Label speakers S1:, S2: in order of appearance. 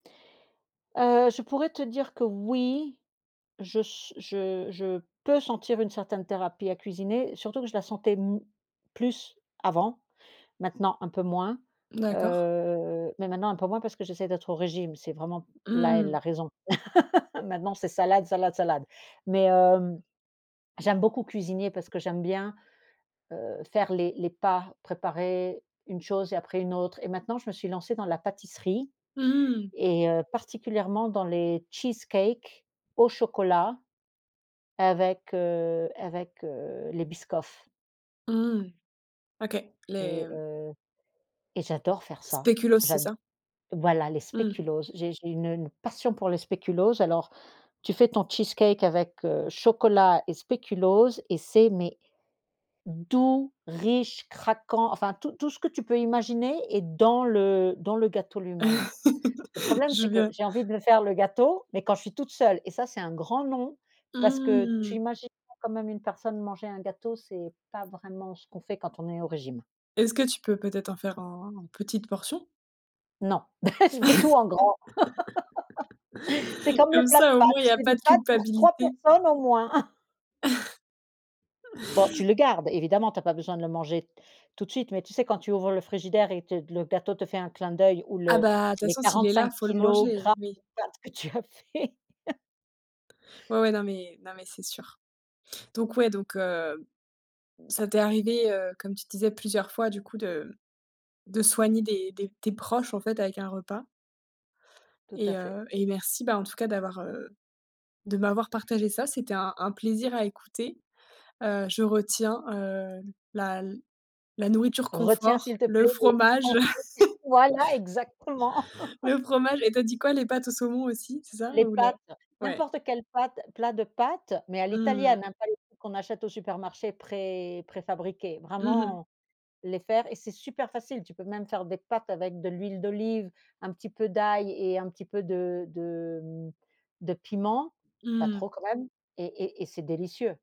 S1: Heu, je pourrais te dire que oui, je s je je peux sentir une certaine thérapie à cuisiner surtout que je la sentais m plus, avant, maintenant un peu moins,
S2: D'accord.
S1: heu, mais maintenant un peu moins parce que j'essaie d'être au régime, c'est vraiment là, est la
S2: Mmh.
S1: raison. Maintenant, c'est salade, salade, salade, mais hem, j'aime beaucoup cuisiner parce que j'aime bien, heu, faire les les pas préparés une chose et après une autre et maintenant je me suis lancée dans la pâtisserie
S2: Mmh.
S1: et heu, particulièrement dans les cheesecakes au chocolat avec heu avec heu, les Biscoffs.
S2: Mmh. OK, les,
S1: Et
S2: heu
S1: heu, et j'adore faire ça,
S2: Spéculos c'est
S1: j'ad
S2: ça?
S1: voilà, les
S2: Mmh.
S1: spéculos, j'ai j'ai une une passion pour les spéculos alors tu fais ton cheesecake avec heu, chocolat et spéculos et c'est mais doux, riche, craquant enfin tout tout ce que tu peux imaginer est dans le dans le gâteau lui-même. Le problème,
S2: Je
S1: c'est que
S2: viens.
S1: j'ai envie de le faire le gâteau mais quand je suis toute seule et ça c'est un grand non parce que tu
S2: Mmh.
S1: imagines quand même une personne manger un gâteau, c'est pas vraiment ce qu'on fait quand on est au régime.
S2: Est-ce que tu peux peut-être en faire en en petite portion?
S1: Non, je fais tout en grand. C'est comme les
S2: Comme
S1: plats de
S2: ça, au
S1: pâtes,
S2: moins, il y
S1: je
S2: a
S1: fais
S2: pas
S1: des
S2: de
S1: pâtes pour 3
S2: culpabilité.
S1: personnes, au moins. Bon, tu le gardes évidemment, tu as pas besoin de le manger tout de suite mais tu sais, quand tu ouvres le frigidaire et te le gâteau te fait un clin d'oeil ou
S2: Ah
S1: le
S2: bah, toute
S1: les
S2: façon, s'il est là, il
S1: 45 kg
S2: faut le manger,
S1: kilogrammes
S2: oui.
S1: de pâtes que tu as fait.
S2: Ouais, ouais, non, mais non, mais c'est sûr, donc ouais donc heu, ça t'est arrivé, heu, comme tu disais plusieurs fois, du coup, de de soigner des des tes proches, en fait, avec un repas?
S1: Tout à
S2: Et
S1: fait.
S2: heu, et merci, bah, en tout cas, d'avoir, heu, de m'avoir partagé ça, c'était un un plaisir à écouter, heu, je retiens, heu, la l la nourriture
S1: Retiens, s'il
S2: confort,
S1: te
S2: le
S1: plaît, les
S2: fromage
S1: conseils voilà, exactement.
S2: le fromage et tu as dit quoi? Les pâtes au saumon, aussi? C'est ça
S1: Les
S2: ou le
S1: pâtes,
S2: ouais.
S1: n'importe quelle pâte plat de pâtes, mais à l'italienne,
S2: Mmh.
S1: hein, pas les trucs qu'on achète au supermarché pré préfabriqué,
S2: Mmh mh.
S1: vraiment, les faire et c'est super facile, tu peux même faire des pâtes avec de l'huile d'olive, un petit peu d'ail et un petit peu de de, mmh de piment, pas
S2: Mmh.
S1: trop quand même, et et et c'est délicieux.